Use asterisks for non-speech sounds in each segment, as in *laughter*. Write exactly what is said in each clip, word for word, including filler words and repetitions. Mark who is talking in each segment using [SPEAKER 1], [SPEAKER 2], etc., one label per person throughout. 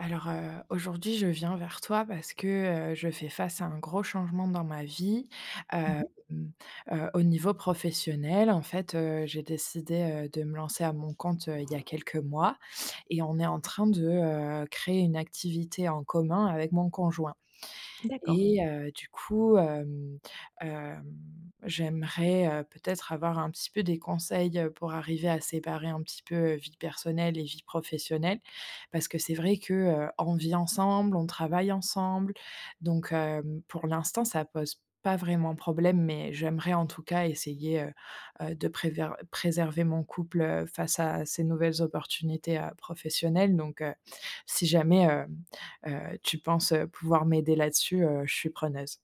[SPEAKER 1] Alors, heu, aujourd'hui, je viens vers toi parce que, heu, je fais face à un gros changement dans ma vie.
[SPEAKER 2] Mmh
[SPEAKER 1] Hem,
[SPEAKER 2] mh.
[SPEAKER 1] heu, au niveau professionnel en fait, heu, j'ai décidé, heu, de me lancer à mon compte, heu, il y a quelques mois et on est en train de, heu, créer une activité en commun avec mon conjoint
[SPEAKER 2] D'accord.
[SPEAKER 1] et heu, du coup, hem, hem, j'aimerais, heu, peut-être avoir un petit peu des conseils, heu, pour arriver à séparer un petit peu vie personnelle et vie professionnelle. Parce que c'est vrai que, heu, on vit ensemble, on travaille ensemble donc hem, pour l'instant, ça pose pas vraiment problème mais j'aimerais en tout cas essayer, heu, heu, de préver de préserver mon couple, heu, face à ces nouvelles opportunités, heu, professionnelles donc heu, si jamais, hem, heu, tu penses, heu, pouvoir m'aider là-dessus, heu, je suis preneuse.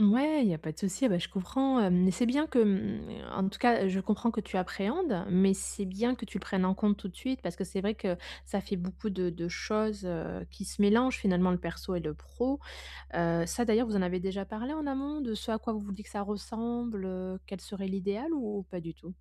[SPEAKER 2] Mouais, il y a pas de souci, bah je comprends. Hem, c'est bien que, mmh en tout cas, je comprends que tu appréhendes mais c'est bien que tu le prennes en compte tout de suite. Parce que c'est vrai que ça fait beaucoup de de choses, heu, qui se mélangent finalement le perso et le pro. Heu, ça d'ailleurs, vous en avez déjà parlé en amont de ce à quoi vous vous dites que ça ressemble, heu, quel serait l'idéal ou pas du tout?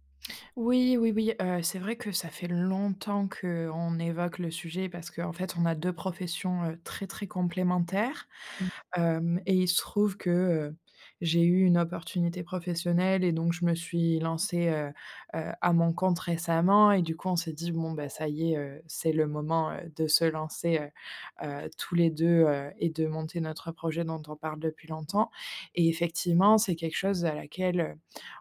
[SPEAKER 1] Oui oui oui, heu, c'est vrai que ça fait longtemps qu'on évoque le sujet parce qu'en fait on a deux professions, heu, très très complémentaires.
[SPEAKER 2] Mmh.
[SPEAKER 1] Hem et il se trouve que, heu, j'ai eu une opportunité professionnelle et donc je me suis lancée, heu, heu, à mon compte récemment et du coup, on s'est dit: «Bon beh, ça y est, heu, c'est le moment, heu, de se lancer, heu, heu, tous les deux, heu et de monter notre projet dont on parle depuis longtemps» et effectivement, c'est quelque chose à laquelle, heu,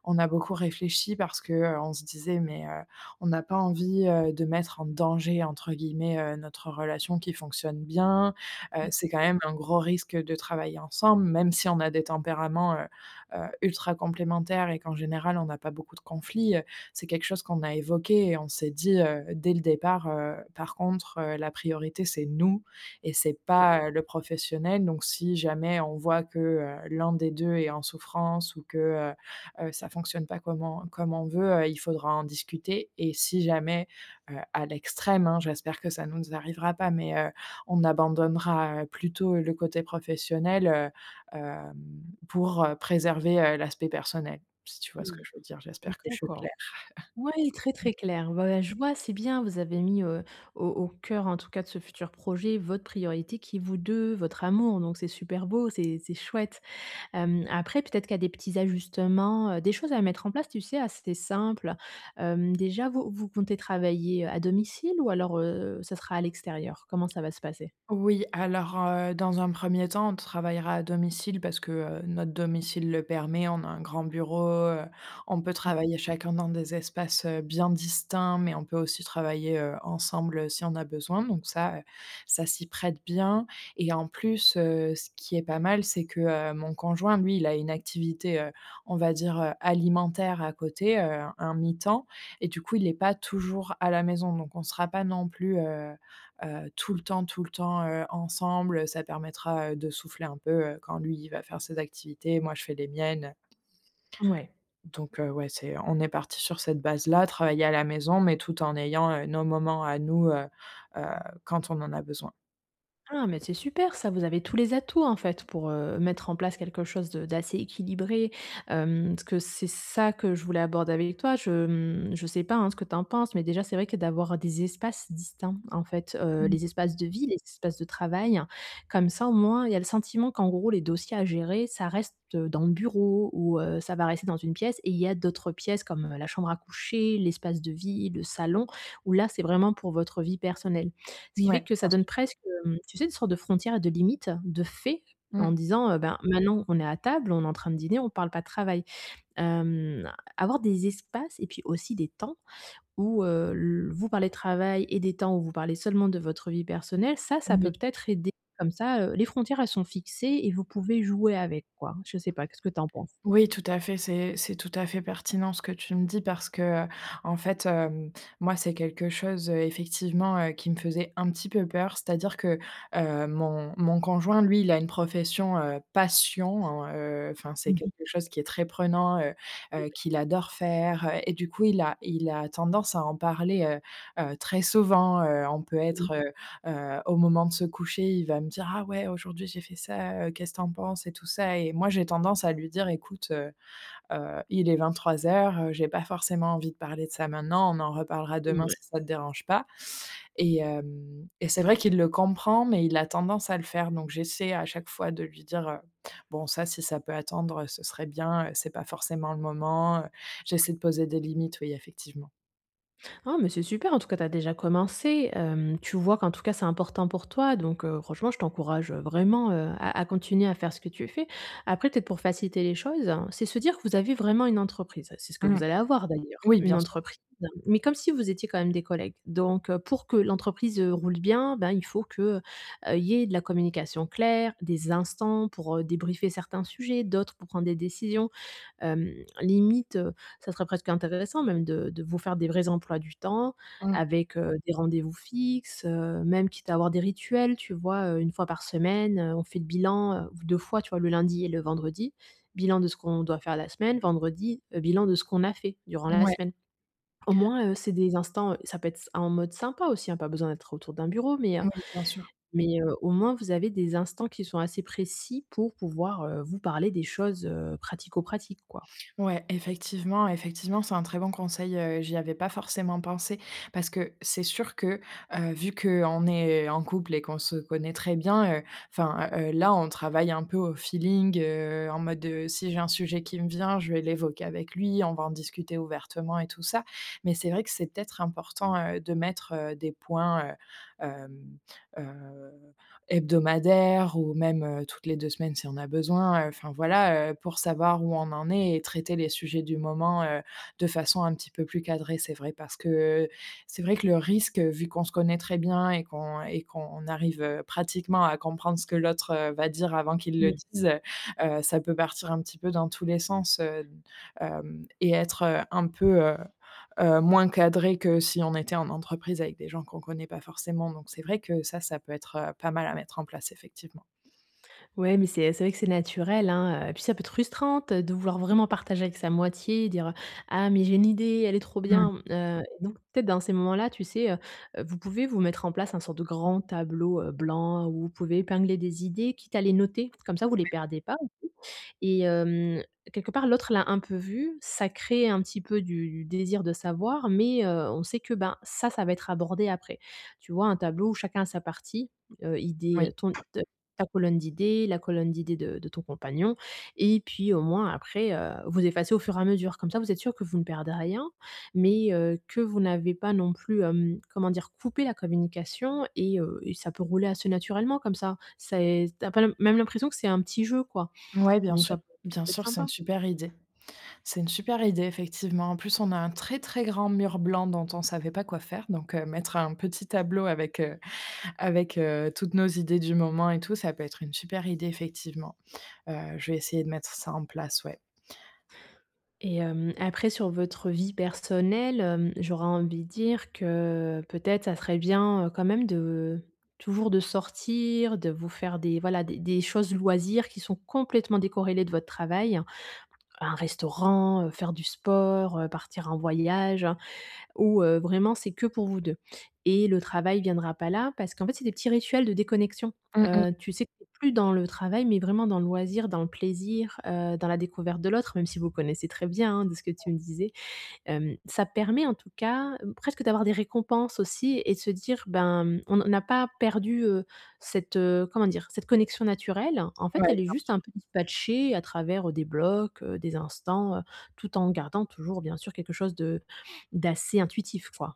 [SPEAKER 1] on a beaucoup réfléchi. Parce que, heu, on se disait: «Mais heu, on a pas envie, heu, de mettre en «danger» entre guillemets, heu, notre relation qui fonctionne bien». Heu,
[SPEAKER 2] Bien
[SPEAKER 1] c'est quand
[SPEAKER 2] sûr.
[SPEAKER 1] même un gros risque de travailler ensemble. Même si on a des tempéraments, heu, heu, ultra complémentaires et qu'en général, on a pas beaucoup de conflits, heu, c'est quelque chose qu'on a évoqué et on s'est dit, heu, dès le départ, heu: «Par contre, heu, la priorité, c'est nous et c'est
[SPEAKER 2] Ouais.
[SPEAKER 1] pas le professionnel», donc si jamais on voit que, heu, l'un des deux est en souffrance ou que heu, heu, ça fonctionne pas comme on comme on veut, heu, il faudra en discuter et si jamais, heu, à l'extrême, hein, j'espère que ça nous n z arrivera pas, mais heu, on abandonnera, heu, plutôt le côté professionnel, heu, hem, pour, heu, préserver, heu, l'aspect personnel. Si tu vois ce que
[SPEAKER 2] Mmh,
[SPEAKER 1] je veux dire, j'espère que je suis claire.
[SPEAKER 2] d'accord. Ouais, très
[SPEAKER 1] *chuckles*
[SPEAKER 2] très clair. Ouais, je vois, c'est bien, vous avez mis, heu, au au cœur en tout cas de ce futur projet, votre priorité qui est vous deux, votre amour donc, c'est super beau. C'est c'est chouette. Hem, après, peut-être qu'il y a des petits ajustements, heu, des choses à mettre en place, tu sais, assez simple. Hem, déjà, vous vous comptez travailler, heu, à domicile ou alors, heu, ça sera à l'extérieur? Comment ça va se passer?
[SPEAKER 1] Oui, alors, heu, dans un premier temps, on travaillera à domicile parce que, heu, notre domicile le permet. On a un grand bureau, heu, on peut
[SPEAKER 2] Mmh mh.
[SPEAKER 1] travailler chacun dans des espaces, heu, bien distincts, mais on peut aussi travailler, heu, ensemble si on a besoin. Donc ça, heu, ça s'y prête bien et en plus, heu, ce qui est pas mal, c'est que, heu, mon conjoint, lui, il a une activité, heu, on va dire, heu, alimentaire à côté. Heu, un mi-temps et du coup, il est pas toujours à la maison donc on sera pas non plus, heu, heu, tout le temps tout le temps, heu, ensemble. Heu, ça permettra, heu, de souffler un peu, heu, quand lui, il va faire ses activités, moi, je fais les miennes, heu
[SPEAKER 2] Ouais.
[SPEAKER 1] donc heu, ouais, c'est on est partis sur cette base-là. Travailler à la maison, mais tout en ayant, heu, nos moments à nous, heu, heu, quand on en a besoin.
[SPEAKER 2] Ah, mais c'est super ça! Vous avez tous les atouts en fait pour, heu, mettre en place quelque chose de d'assez équilibré, hem, ce que c'est ça que je voulais aborder avec toi, je, mmh, je sais pas hein, ce que tu en penses, mais déjà, c'est vrai que d'avoir des espaces distincts en fait, heu,
[SPEAKER 1] Mmh.
[SPEAKER 2] les espaces de vie, les espaces de travail. Comme ça au moins, il y a le sentiment qu'en gros, les dossiers à gérer, ça reste dans le bureau ou heu, ça va rester dans une pièce, et il y a d'autres pièces comme la chambre à coucher, l'espace de vie, le salon, où là, c'est vraiment pour votre vie personnelle. Ce qui
[SPEAKER 1] Mouais,
[SPEAKER 2] fait que ça
[SPEAKER 1] bien
[SPEAKER 2] donne
[SPEAKER 1] sûr.
[SPEAKER 2] presque, hem, tu sais? Une sorte de frontière et de limite, de fait, en
[SPEAKER 1] Mmh.
[SPEAKER 2] disant: «Heu, ben, maintenant on est à table, on est en train de dîner, on parle pas de travail». Hem, avoir des espaces et puis aussi des temps où, heu, l vous parlez de travail et des temps où vous parlez seulement de votre vie personnelle, ça, ça peut
[SPEAKER 1] Oui.
[SPEAKER 2] peut-être aider, comme ça, heu, les frontières elles sont fixées et vous pouvez jouer avec, quoi. Je sais pas, qu'est-ce que tu en penses?
[SPEAKER 1] Oui, tout à fait. C'est c'est tout à fait pertinent ce que tu me dis parce que, heu, en fait, hem, moi c'est quelque chose effectivement, heu, qui me faisait un petit peu peur. C'est-à-dire que, heu, mon mon conjoint lui, il a une profession, heu, passion en, heu, enfin, c'est
[SPEAKER 2] Mmh
[SPEAKER 1] quelque
[SPEAKER 2] mh.
[SPEAKER 1] chose qui est très prenant, heu
[SPEAKER 2] Ouais.
[SPEAKER 1] heu, qu'il adore faire, heu, et du coup il a il a tendance à en parler, heu heu, très souvent, heu, on peut
[SPEAKER 2] Mmh.
[SPEAKER 1] être, heu heu, au moment de se coucher il va me dire: «Ah ouais, aujourd'hui j'ai fait ça, heu, qu'est-ce que tu en penses et tout ça?» et moi j'ai tendance à lui dire: «Écoute, heu heu, il est vingt-trois heures, heu, j'ai pas forcément envie de parler de ça maintenant. On en reparlera demain
[SPEAKER 2] Mouais.
[SPEAKER 1] si ça te dérange pas», et hem, et c'est vrai qu'il le comprend mais il a tendance à le faire, donc j'essaie à chaque fois de lui dire, heu: «Bon, ça, si ça peut attendre, heu, ce serait bien, heu, c'est pas forcément le moment, heu». J'essaie de poser des limites, oui, effectivement.
[SPEAKER 2] Ah mais c'est super! En tout cas, tu as déjà commencé, hem, tu vois qu'en tout cas, c'est important pour toi donc heu, franchement, je t'encourage vraiment, heu, à à continuer à faire ce que tu as fait. Après, peut-être pour faciliter les choses. C'est se dire que vous avez vraiment une entreprise. C'est ce que
[SPEAKER 1] Mmh,
[SPEAKER 2] vous allez avoir d'ailleurs.
[SPEAKER 1] oui,
[SPEAKER 2] Une
[SPEAKER 1] bien sûr.
[SPEAKER 2] entreprise mais comme si vous étiez quand même des collègues donc heu, pour que l'entreprise, heu, roule bien, ben, il faut que, heu, il y ait de la communication claire, des instants pour débriefer certains sujets, d'autres pour prendre des décisions. Hem, limite, heu, ça serait presque intéressant même de de vous faire des vrais emplois du temps
[SPEAKER 1] Mmh.
[SPEAKER 2] avec, heu, des rendez-vous fixes, heu, même quitte à avoir des rituels, tu vois? Heu, une fois par semaine, heu, on fait le bilan, heu, v deux fois, tu vois? Le lundi et le vendredi. Bilan de ce qu'on doit faire la semaine, vendredi, heu, bilan de ce qu'on a fait durant la
[SPEAKER 1] Mouais.
[SPEAKER 2] semaine. Au moins, heu, c'est des instants ça peut être s en mode sympa aussi, hein. Pas besoin d'être autour d'un bureau, mais heu,
[SPEAKER 1] Oui, bien sûr.
[SPEAKER 2] mais heu, au moins vous avez des instants qui sont assez précis pour pouvoir, heu, vous parler des choses, heu, pratico-pratiques quoi.
[SPEAKER 1] Ouais, effectivement effectivement, c'est un très bon conseil, heu, j'y avais pas forcément pensé parce que c'est sûr que, heu, vu qu'on est en couple et qu'on se connaît très bien, heu, enfin, heu heu, là on travaille un peu au feeling, heu, en mode, heu, si j'ai un sujet qui me vient, je vais l'évoquer avec lui. On va en discuter ouvertement et tout ça, mais c'est vrai que c'est peut-être important, heu, de mettre des points, heu, hem, heu, hebdomadaire ou même, heu, toutes les deux semaines si on a besoin, heu, enfin voilà, heu, pour savoir où on en est et traiter les sujets du moment, heu, de façon un petit peu plus cadrée. C'est vrai parce que, heu, c'est vrai que le risque, heu, vu qu'on se connaît très bien et qu'on et qu'on arrive, heu, pratiquement à comprendre ce que l'autre, heu, va dire avant qu'il le
[SPEAKER 2] Mmh.
[SPEAKER 1] dise, heu, ça peut partir un petit peu dans tous les sens, heu, hem, et être un peu, heu heu, moins cadré que si on était en entreprise avec des gens qu'on connaît pas forcément, donc c'est vrai que ça, ça peut être, heu, pas mal à mettre en place effectivement.
[SPEAKER 2] Ouais, mais c'est et c'est vrai que c'est naturel, hein, heu, et puis ça peut être frustrante de vouloir vraiment partager avec sa moitié, dire: «Ah mais j'ai une idée, elle est trop
[SPEAKER 1] Mmh mh.
[SPEAKER 2] bien», mmh, heu, donc, peut-être dans ces moments-là, tu sais? Heu, vous pouvez vous mettre en place un sorte de grand tableau, heu, blanc où vous pouvez épingler des idées, quitte à les noter. Comme ça, vous les
[SPEAKER 1] Ouais.
[SPEAKER 2] perdez pas aussi et hem, quelque part, l'autre l'a un peu vu. Ça crée un petit peu du du désir de savoir, mais heu, on sait que ben, ça, ça va être abordé après. Tu vois? Un tableau où chacun a sa partie, heu, idée,
[SPEAKER 1] Oui.
[SPEAKER 2] heu, ton te ta colonne d'idées, la colonne d'idées de de ton compagnon et puis au moins après, heu, vous effacez au fur et à mesure comme ça, vous êtes sûr que vous ne perdez rien mais heu, que vous n'avez pas non plus, hem, comment dire? Coupé la communication et heu, et ça peut rouler assez naturellement comme ça. C'est tu as pas l même l'impression que c'est un petit jeu quoi,
[SPEAKER 1] Ouais, bien
[SPEAKER 2] donc ça
[SPEAKER 1] sûr,
[SPEAKER 2] *unintelligible* ça
[SPEAKER 1] bien
[SPEAKER 2] peut être
[SPEAKER 1] sûr, c'est une
[SPEAKER 2] sympa.
[SPEAKER 1] super idée. C'est une super idée effectivement. En plus, on a un très très grand mur blanc dont on savait pas quoi faire donc heu, mettre un petit tableau avec, heu avec, heu, toutes nos idées du moment et tout, ça peut être une super idée effectivement, heu, je vais essayer de mettre ça en place, ouais.
[SPEAKER 2] Et hem, après sur votre vie personnelle, hem, j'aurais envie de dire que peut-être ça serait bien, heu, quand même de, toujours, de sortir, de vous faire des voilà des des choses loisirs qui sont complètement décorrélées de votre travail. Un restaurant, heu, faire du sport, heu, partir en voyage, où, heu, vraiment, c'est que pour vous deux et le travail viendra pas là parce qu'en fait, c'est des petits rituels de déconnexion,
[SPEAKER 1] Mmh, mmh.
[SPEAKER 2] heu, tu sais? Tu es plus dans le travail, mais vraiment dans le loisir, dans le plaisir, heu, dans la découverte de l'autre, même si vous connaissez très bien, hein, de ce que tu me disais. Hem, ça permet en tout cas, presque d'avoir des récompenses aussi et de se dire ben, mmh, on a pas perdu, heu, cette, heu, comment dire? Cette connexion naturelle. En fait,
[SPEAKER 1] Ouais, bien
[SPEAKER 2] elle est juste
[SPEAKER 1] sûr.
[SPEAKER 2] un peu dispatchée à travers, heu, des blocs, heu, des instants, heu, tout en gardant toujours bien sûr quelque chose de d'assez intuitif quoi.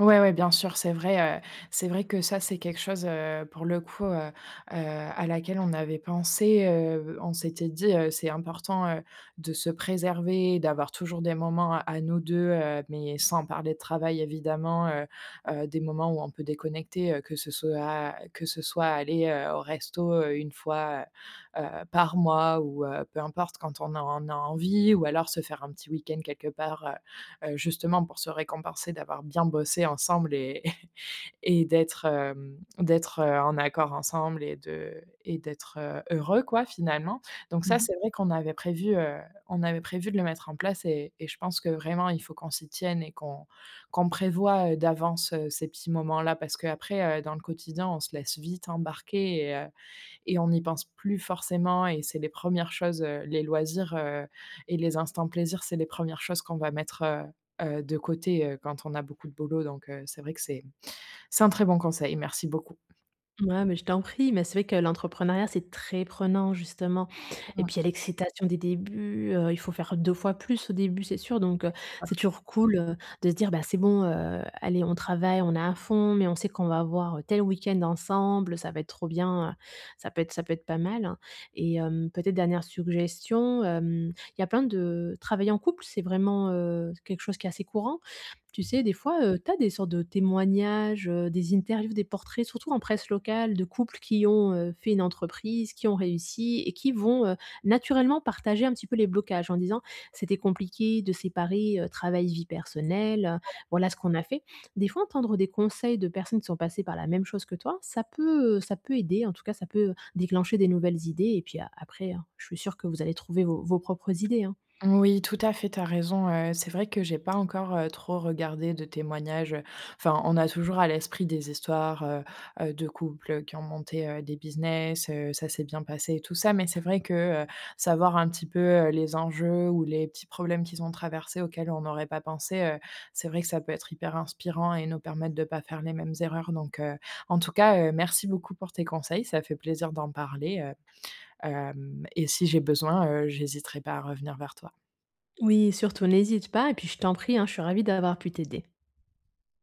[SPEAKER 1] Ouais, ouais, bien sûr. C'est vrai, heu, c'est vrai que ça, c'est quelque chose, heu, pour le coup, heu heu, à laquelle on avait pensé. Heu, on s'était dit, heu: «C'est important, heu, de se préserver, d'avoir toujours des moments à nous deux heu, mais sans parler de travail, évidemment». Heu-heu, des moments où on peut déconnecter, heu, que ce soit à que ce soit aller, heu, au resto, heu, une fois, heu heu, par mois, ou heu, peu importe, quand on a on a envie, ou alors se faire un petit week-end quelque part, heu heu, justement pour se récompenser d'avoir bien bossé ensemble et *chuckles* et d'être, hem d'être, heu, en accord ensemble et de et d'être, heu, heureux, quoi, finalement. Donc
[SPEAKER 2] Mmh
[SPEAKER 1] ça,
[SPEAKER 2] mh.
[SPEAKER 1] c'est vrai qu'on avait prévu, heu, on avait prévu de le mettre en place et et je pense que vraiment il faut qu'on s'y tienne et qu'on qu'on prévoie, heu, d'avance, heu, ces petits moments-là. Parce qu'après, heu, dans le quotidien, on se laisse vite embarquer et heu, et on y pense plus forcément, et c'est les premières choses, heu, les loisirs, heu, et les instants plaisir, c'est les premières choses qu'on va mettre, heu heu, de côté, heu, quand on a beaucoup de boulot. Donc heu, c'est vrai que c'est c'est un très bon conseil. Merci beaucoup.
[SPEAKER 2] Mouais, mais je t'en prie, mais c'est vrai que l'entrepreneuriat, c'est très prenant justement, et
[SPEAKER 1] Ouais.
[SPEAKER 2] puis il y a l'excitation des débuts, heu, il faut faire deux fois plus au début c'est sûr, donc
[SPEAKER 1] Oui,
[SPEAKER 2] heu,
[SPEAKER 1] c'est ça.
[SPEAKER 2] c'est toujours cool, heu, de se dire: «Bah, c'est bon, heu, allez on travaille, on est à fond, mais on sait qu'on va avoir, heu, tel week-end ensemble. Ça va être trop bien, heu». Ça peut être ça peut être pas mal, et hem, peut-être dernière suggestion, hem, il y a plein de travailler en couple c'est vraiment, heu, c'est quelque chose qui est assez courant. Tu sais? Des fois, heu, tu as des sortes de témoignages, heu, des interviews, des portraits, surtout en presse locale de couples qui ont, heu, fait une entreprise, qui ont réussi et qui vont, heu, naturellement partager un petit peu les blocages en disant: «C'était compliqué de séparer, heu, travail, vie
[SPEAKER 1] Mmh,
[SPEAKER 2] personnelle,
[SPEAKER 1] ouais.
[SPEAKER 2] voilà ce qu'on a fait». Des fois entendre des conseils de personnes qui sont passées par la même chose que toi, ça peut, heu, ça peut aider. En tout cas, ça peut, heu, déclencher des nouvelles idées et puis a après hein, je suis sûre que vous allez trouver vos vos propres idées, hein?
[SPEAKER 1] Moui, tout à fait, tu as raison, heu, c'est vrai que j'ai pas encore, heu, trop regardé de témoignages, heu, enfin, on a toujours à l'esprit des histoires, heu heu, de couples, heu, qui ont monté, heu, des business, heu, ça s'est bien passé et tout ça, mais c'est vrai que, heu, savoir un petit peu, heu, les enjeux ou les petits problèmes qu'ils ont traversés, auxquels on n'aurait pas pensé, heu, c'est vrai que ça peut être hyper inspirant et nous permettre de pas faire les mêmes erreurs donc heu, en tout cas, heu, merci beaucoup pour tes conseils. Ça a fait plaisir d'en parler, heu, hem, et si j'ai besoin, heu, j'hésiterai pas à revenir vers toi.
[SPEAKER 2] Oui, surtout n'hésite pas et puis je t'en prie, hein, je suis ravie d'avoir pu t'aider.